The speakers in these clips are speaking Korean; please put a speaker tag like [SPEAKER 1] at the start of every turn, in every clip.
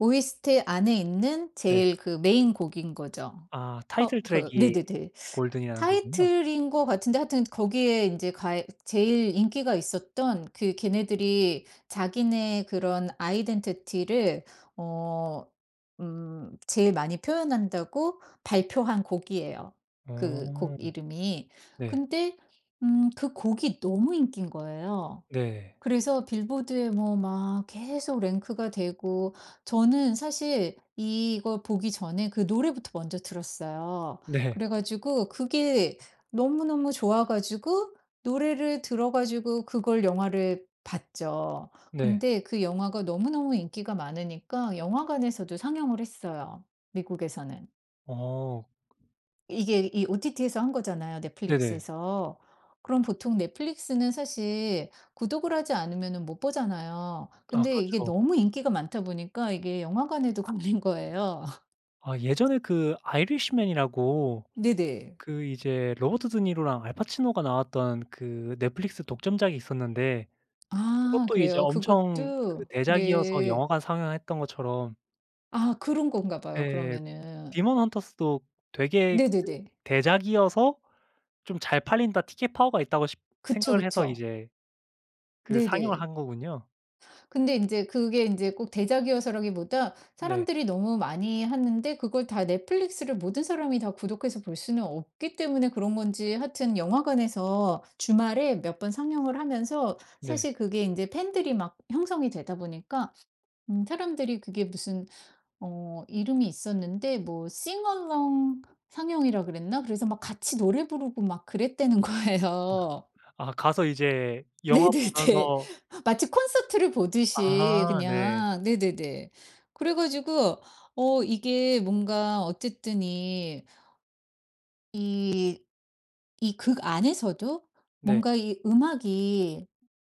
[SPEAKER 1] OST 안에 있는
[SPEAKER 2] 네.
[SPEAKER 1] 제일 그 메인 곡인 거죠.
[SPEAKER 2] 아
[SPEAKER 1] 커
[SPEAKER 2] 타이틀
[SPEAKER 1] 그
[SPEAKER 2] 트랙이
[SPEAKER 1] 네네네.
[SPEAKER 2] 골든이라는 거군요.
[SPEAKER 1] 타이틀인 것 같은데 하여튼 거기에 인제 가에 제일 인기가 있었던 그 걔네들이 자기네 그런 아이덴티티를 어 음 제일 많이 표현한다고 발표한 곡이에요 그 곡
[SPEAKER 2] 어.
[SPEAKER 1] 이름이.
[SPEAKER 2] 네.
[SPEAKER 1] 근데 음 그 곡이 너무 인기인 거예요.
[SPEAKER 2] 네.
[SPEAKER 1] 그래서 빌보드에 뭐 막 계속 랭크가 되고. 저는 사실 이거 보기 전에 그 노래부터 먼저 들었어요.
[SPEAKER 2] 네.
[SPEAKER 1] 그래 가지고 그게 너무너무 좋아 가지고 노래를 들어 가지고 그걸 영화를 봤죠.
[SPEAKER 2] 네.
[SPEAKER 1] 근데 그 영화가 너무너무 인기가 많으니까 영화관에서도 상영을 했어요 미국에서는.
[SPEAKER 2] 어.
[SPEAKER 1] 이게 이 OTT에서 한 거잖아요
[SPEAKER 2] 네네.
[SPEAKER 1] 넷플릭스에서. 그럼 보통 넷플릭스는 사실 구독을 하지 않으면은 못 보잖아요.
[SPEAKER 2] 아
[SPEAKER 1] 근데 이게
[SPEAKER 2] 그렇죠.
[SPEAKER 1] 너무 인기가 많다 보니까 이게 영화관에도 걸린 거예요.
[SPEAKER 2] 아 예전에 그 아이리시맨이라고
[SPEAKER 1] 네네.
[SPEAKER 2] 그 이제 로버트 드니로랑 알 파치노가 나왔던 그 넷플릭스 독점작이 있었는데
[SPEAKER 1] 아
[SPEAKER 2] 그것도 이제
[SPEAKER 1] 그래요?
[SPEAKER 2] 엄청 그
[SPEAKER 1] 그것도
[SPEAKER 2] 대작이어서
[SPEAKER 1] 네.
[SPEAKER 2] 영화관 상영했던 것처럼
[SPEAKER 1] 아 그런 건가 봐요
[SPEAKER 2] 네
[SPEAKER 1] 그러면은.
[SPEAKER 2] 데몬 헌터스도 되게 그
[SPEAKER 1] 네네네.
[SPEAKER 2] 대작이어서 좀 잘 팔린다 티켓 파워가 있다고 싶
[SPEAKER 1] 그쵸,
[SPEAKER 2] 생각을 해서
[SPEAKER 1] 그쵸.
[SPEAKER 2] 이제 그 상영을
[SPEAKER 1] 네네.
[SPEAKER 2] 한 거군요.
[SPEAKER 1] 근데 인제 그게 인제 꼭 대작이어서라기보다
[SPEAKER 2] 네.
[SPEAKER 1] 사람들이 너무 많이 하는데 그걸 다 넷플릭스를 모든 사람이 다 구독해서 볼 수는 없기 때문에 그런 건지 하여튼 영화관에서 주말에 몇 번 상영을 하면서
[SPEAKER 2] 네.
[SPEAKER 1] 사실 그게 인제 팬들이 막 형성이 되다 보니까 음 사람들이 그게 무슨 어 이름이 있었는데 뭐 싱어롱 상영이라 그랬나? 그래서 막 같이 노래 부르고 막 그랬다는
[SPEAKER 2] 아.
[SPEAKER 1] 거예요.
[SPEAKER 2] 아 가서 이제 영화
[SPEAKER 1] 네네네.
[SPEAKER 2] 보면서
[SPEAKER 1] 마치 콘서트를 보듯이
[SPEAKER 2] 아 네.
[SPEAKER 1] 그냥 네네네. 그래 가지고 어 이게 뭔가 어쨌든 이 이 이 극 안에서도
[SPEAKER 2] 네.
[SPEAKER 1] 뭔가 이 음악이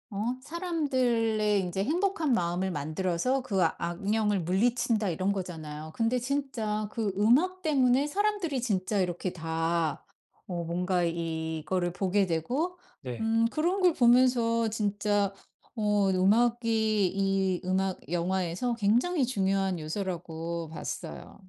[SPEAKER 1] 어 사람들의 인제 행복한 마음을 만들어서 그 악령을 물리친다 이런 거잖아요. 근데 진짜 그 음악 때문에 사람들이 진짜 이렇게 다 어 뭔가 이거를 보게 되고
[SPEAKER 2] 네.
[SPEAKER 1] 음 그런 걸 보면서 진짜 어 음악이 이 음악 영화에서 굉장히 중요한 요소라고 봤어요.